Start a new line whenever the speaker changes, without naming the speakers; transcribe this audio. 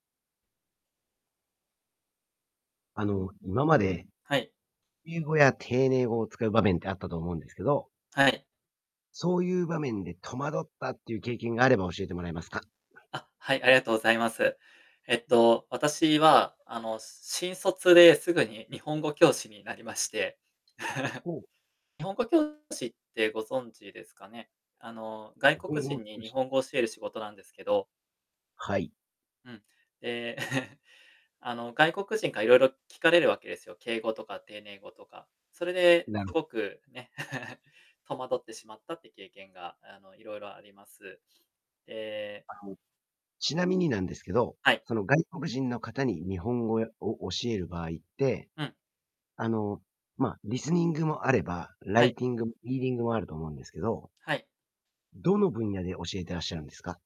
あの、今まで、
はい。
敬語や丁寧語を使う場面ってあったと思うんですけど
はい。
そういう場面で戸惑ったっていう経験があれば教えてもらえますか。
あ、はい、ありがとうございます。えっと、私は、あの、し新卒ですぐに日本語教師になりまして。
おお。
日本語教師ってご存知ですかね、あの、外
日本
国
語
人に
講
日
師。
本語教える仕事なんですけど
はい。
うん。え、あの、外国人から色々聞かれるわけですよ、敬語とか丁寧語とか。それで、
なる
すごく、ね、戸惑ってしまったって経験が、あの、色々あります。ええ
あの、ちなみになんですけど、
はい。
その外国人の方に日本語を教える場合って
うん。
あの、まあ、リスニングもあればラ
は
イ
い。
ティング、リーディングもあると思うんですけど
はい。
どの分野で教えていらっしゃるんですか？